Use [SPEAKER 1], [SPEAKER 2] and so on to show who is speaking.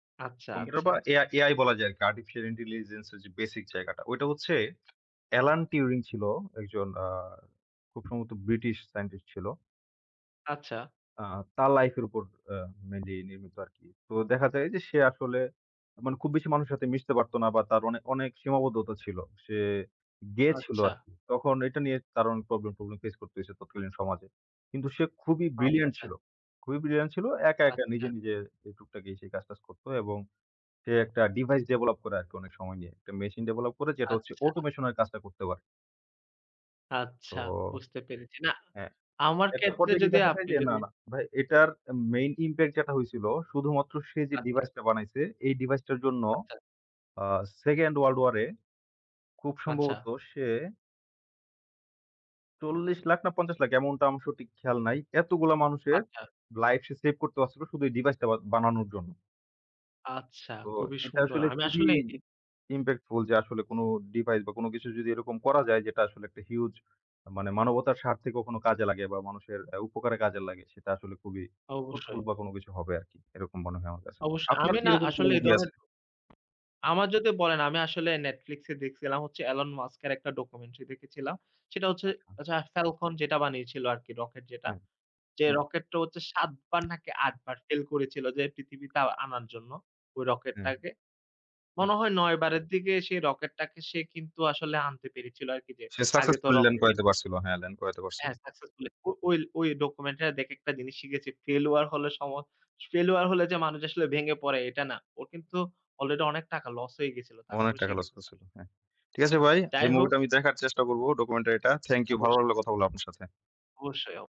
[SPEAKER 1] আচ্ছা,
[SPEAKER 2] কম্পিউটার
[SPEAKER 1] আচ্ছা।
[SPEAKER 2] বা A-AI বলা যায় আরকি Artificial Intelligence এর যে, বেসিক জায়গাটা। ঐটা হচ্ছে এলান টিউরিং ছিল একজন আ খুব সম্ভবত ব্রিটিশ Scientist ছিল
[SPEAKER 1] আচ্ছা।
[SPEAKER 2] আ তার লাইফ এর উপর আ মেইনলি নির্মিত আরকি। তো দেখা যায় যে, সে আসলে মানে খুব বেশি মানুষের সাথে মিশতে পারতো না বা তার অনেক-অনেক সীমাবদ্ধতা ছিল। সে গেয়েছিল
[SPEAKER 1] আচ্ছা।
[SPEAKER 2] আরকি তখন এটা নিয়ে তার অনেক প্রবলেম প্রবলেম ফেস করতেছে তৎকালীন সমাজে। কিন্তু সে খুবই ব্রিলিয়ান্ট
[SPEAKER 1] আচ্ছা।
[SPEAKER 2] ছিল খুবই ব্রিলিয়ান্ট ছিল। একা, একা নিজে,
[SPEAKER 1] আচ্ছা।
[SPEAKER 2] নিজে টুকটাকি সেই কাজ টাজ করত এবং সে একটা Device Develop করে আরকি অনেক সময় নিয়ে। একটা মেশিন Develop করে যেটা হচ্ছে
[SPEAKER 1] আচ্ছা।
[SPEAKER 2] Automation এর কাজটা করতে পারে। তো
[SPEAKER 1] আচ্ছা বুঝতে পেরেছি। না
[SPEAKER 2] হ্যাঁ।
[SPEAKER 1] আমার
[SPEAKER 2] একটা
[SPEAKER 1] ক্ষেত্রে
[SPEAKER 2] পর্যায়ে গিয়ে
[SPEAKER 1] যদি
[SPEAKER 2] দেখা যায়
[SPEAKER 1] আপনি
[SPEAKER 2] যে, না,
[SPEAKER 1] যদি
[SPEAKER 2] না ভাই এটার Main Impact যেটা হয়েছিল শুধুমাত্র সে যে,
[SPEAKER 1] আচ্ছা।
[SPEAKER 2] ডিভাইসটা বানাইছে এই ডিভাইসটার জন্য
[SPEAKER 1] আচ্ছা।
[SPEAKER 2] আ World war II খুব
[SPEAKER 1] আচ্ছা।
[SPEAKER 2] সম্ভবত সে ৪০ লাখ না ৫০ লাখ এমনটা অংশ ঠিক খেয়াল নাই। এতগুলা মানুষের
[SPEAKER 1] আচ্ছা।
[SPEAKER 2] লাইফ সে সেভ করতে পারছিল শুধু এই ডিভাইসটা বানানোর জন্য।
[SPEAKER 1] আচ্ছা,
[SPEAKER 2] তো
[SPEAKER 1] খুবই
[SPEAKER 2] এটা
[SPEAKER 1] সুন্দর।
[SPEAKER 2] আসলে
[SPEAKER 1] আমি
[SPEAKER 2] খুবই
[SPEAKER 1] আসলে
[SPEAKER 2] Impactful যে, আসলে কোন ডিভাইস বা কোন কিছু যদি এরকম করা যায় যেটা আসলে একটা Huge মানে মানবতার স্বার্থে কখনো কাজে লাগে বা মানুষের উপকারে কাজে লাগে সেটা আসলে খুবই ফ্রুটফুল
[SPEAKER 1] অবশ্যই।
[SPEAKER 2] বা কোন কিছু হবে আরকি এরকম মনে হয় আমার কাছে।
[SPEAKER 1] অবশ্যই
[SPEAKER 2] আপনার
[SPEAKER 1] আমি
[SPEAKER 2] কি
[SPEAKER 1] না
[SPEAKER 2] এরকম কোনো
[SPEAKER 1] আসলে এ
[SPEAKER 2] মুভি
[SPEAKER 1] ধরনের।
[SPEAKER 2] আছে?
[SPEAKER 1] আমার যদি বলেন আমি আসলে Netflix এ দেখছিলাম হচ্ছে এলন মাস্ক এর একটা ডকুমেন্টারি দেখেছিলাম। সেটা হচ্ছে
[SPEAKER 2] আচ্ছা।
[SPEAKER 1] আচ্ছা ফেলকন যেটা বানিয়েছিল আরকি রকেট যেটা
[SPEAKER 2] হ্যাঁ,
[SPEAKER 1] যে,
[SPEAKER 2] হুম।
[SPEAKER 1] রকেটটা হচ্ছে ৭ বার নাকি ৮ বার Fail করেছিল যে, পৃথিবীতে আনার জন্য ওই
[SPEAKER 2] হুম,
[SPEAKER 1] রকেটটাকে।
[SPEAKER 2] হু.
[SPEAKER 1] মনে হয় ৯ বারের দিকে সেই রকেটটাকে সে কিন্তু আসলে আনতে পেরেছিল আরকি যে,
[SPEAKER 2] সে
[SPEAKER 1] আগে তো
[SPEAKER 2] successfully Land
[SPEAKER 1] রকেট
[SPEAKER 2] করাইতে পারছিল হ্যাঁ, ল্যান্ড করাইতে পারছিল।
[SPEAKER 1] হ্যাঁ, Successful ওই-ওই ডকুমেন্টটা দেখে একটা জিনিস শিখেছি। failure হলে সময failure হলে যে, মানুষ আসলে ভেঙে পড়ে এটা না ওর কিন্তু Already অনেক টাকা লস হয়ে গিয়েছিল
[SPEAKER 2] অনেক
[SPEAKER 1] তারপরে সে
[SPEAKER 2] টাকা লস
[SPEAKER 1] কিন্তু Success।
[SPEAKER 2] করছিল হ্যাঁ, ঠিক আছে ভাই,
[SPEAKER 1] যাই
[SPEAKER 2] এই
[SPEAKER 1] হোক,
[SPEAKER 2] মুভিটা আমি দেখার চেষ্টা করব ডকুমেন্টারিটা। Thank You ভালো
[SPEAKER 1] অবশ্যই।
[SPEAKER 2] লাগলো কথা বলে আপনার সাথে।
[SPEAKER 1] অবশ্যই।